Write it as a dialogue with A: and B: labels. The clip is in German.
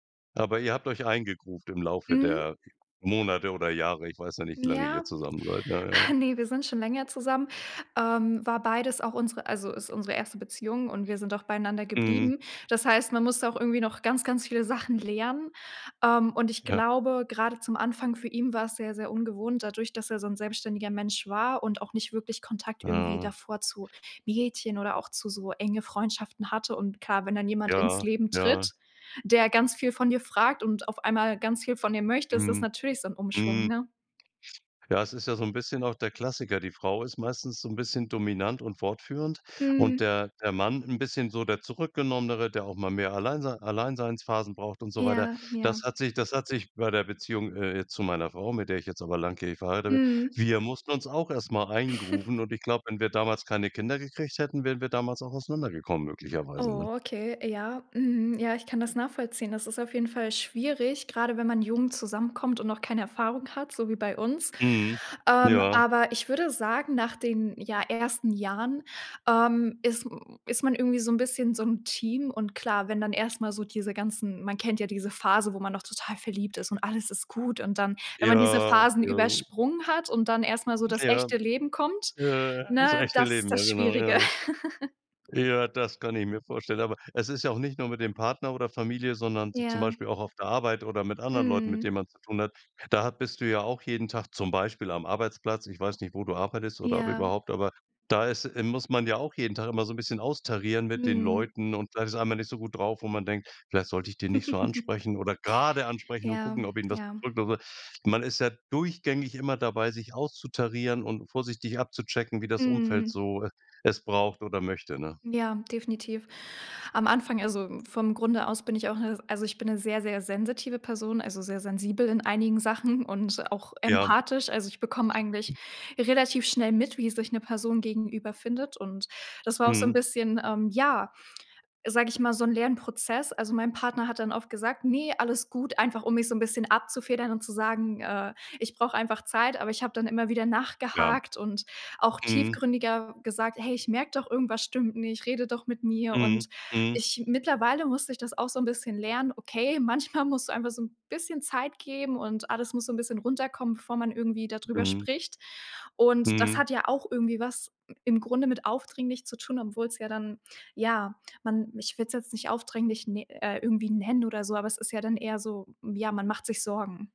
A: Aber ihr habt euch eingegroovt im Laufe
B: Mhm.
A: der Monate oder Jahre. Ich weiß ja nicht, wie lange ihr
B: Ja.
A: zusammen seid. Ja, ja.
B: Ne, wir sind schon länger zusammen. Ähm, war beides auch unsere also, ist unsere 1. Beziehung und wir sind auch beieinander
A: Mhm.
B: geblieben. Das heißt, man musste auch irgendwie noch ganz, ganz viele Sachen lernen. Ähm, und ich
A: Ja.
B: glaube, gerade zum Anfang für ihn war es sehr, sehr ungewohnt, dadurch, dass er so 'n selbstständiger Mensch war und auch nicht wirklich Kontakt irgendwie
A: Ja.
B: davor zu Mädchen oder auch zu so enge Freundschaften hatte. Und klar, wenn dann jemand ins
A: Ja,
B: Leben
A: ja.
B: tritt, der ganz viel von dir fragt und auf einmal ganz viel von dir möchte, ist das
A: Mhm.
B: natürlich so 'n Umschwung,
A: Mhm.
B: ne?
A: Ja, es ist ja so 'n bisschen auch der Klassiker. Die Frau ist meistens so 'n bisschen dominant und fortführend und
B: Mhm.
A: der der Mann 'n bisschen so der Zurückgenommenere, der auch mal mehr Alleinsei Alleinseinseinsphasen braucht und so weiter.
B: Ja, ja.
A: Das hat sich das hat sich bei der Beziehung, äh, jetzt zu meiner Frau, mit der ich jetzt aber langjährig verheiratet bin,
B: Mhm.
A: wir mussten uns auch erst mal eingrooven. Und ich glaube, wenn wir damals keine Kinder gekriegt hätten, wären wir damals auch auseinandergekommen möglicherweise, ne?
B: Oh, okay, ja. Mhm. Ja, ich kann das nachvollziehen. Das ist auf jeden Fall schwierig, gerade wenn man jung zusammenkommt und noch keine Erfahrung hat, so wie bei uns.
A: Mhm.
B: Ähm,
A: Ja.
B: aber ich würde sagen, nach den, ja, ersten Jahren, ähm, ist m ist man irgendwie so 'n bisschen so 'n Team und klar, wenn dann erst mal so diese ganzen man kennt ja diese Phase, wo man doch total verliebt ist und alles ist gut und dann, wenn man diese
A: Ja.
B: Phasen
A: Ja.
B: übersprungen hat und dann erst mal so das
A: Ja.
B: echte Leben kommt,
A: Ja. Das
B: ne,
A: echte
B: das ist
A: Leben, ja,
B: das
A: genau,
B: Schwierige.
A: ja. Ja, das kann ich mir vorstellen, aber es ist ja auch nicht nur mit dem Partner oder Familie, sondern z zum
B: Ja.
A: Beispiel auch auf der Arbeit oder mit anderen Leuten, mit
B: Mhm.
A: denen man zu tun. Da bist du ja auch jeden Tag zum Beispiel am Arbeitsplatz, ich weiß nicht, wo du arbeitest oder ob
B: Ja.
A: überhaupt, aber da ist äh, muss man ja auch jeden Tag immer so 'n bisschen austarieren mit den
B: Mhm.
A: Leuten und vielleicht ist einmal nicht so gut drauf, wo man denkt, vielleicht sollte ich den nicht so ansprechen oder grade ansprechen und
B: Ja,
A: gucken, ob ihn was
B: ja.
A: bedrückt oder so. Man ist ja durchgängig immer dabei, sich auszutarieren und vorsichtig abzuchecken, wie das Umfeld
B: Mhm.
A: so es braucht oder möchte, ne?
B: Ja, definitiv. Am Anfang also, vom Grunde aus bin ich auch 'ne s also ich bin 'ne sehr, sehr sensitive Person, also sehr sensibel in einigen Sachen und auch
A: Ja.
B: empathisch. Also, ich bekomme eigentlich relativ schnell mit, wie sich eine Person gegenüber findet und das war auch so 'n
A: Mhm.
B: bisschen, ähm, ja, sage ich mal, so 'n Lernprozess. Also, mein Partner hat dann oft gesagt, „ne, alles gut“, einfach um mich so 'n bisschen abzufedern und zu sagen, „äh, ich brauche einfach Zeit“, aber ich habe dann immer wieder
A: Ja.
B: nachgehakt und auch
A: Mhm.
B: tiefgründiger gesagt: „Hey, ich merke doch irgendwas stimmt nicht, rede doch mit mir“
A: Mhm.
B: und
A: Mhm.
B: ich mittlerweile musste ich das auch so 'n bisschen lernen, okay, manchmal musst du einfach so 'n bisschen Zeit geben und alles muss so 'n bisschen runterkommen, bevor man irgendwie dadrüber
A: Mhm.
B: spricht. Und das hat
A: Mhm.
B: ja auch irgendwie was im Grunde mit aufdringlich zu tun, obwohl's ja dann ja, man ich würde es jetzt nicht aufdringlich ne äh, irgendwie nennen oder so, aber es ist ja dann eher so, ja, man macht sich Sorgen.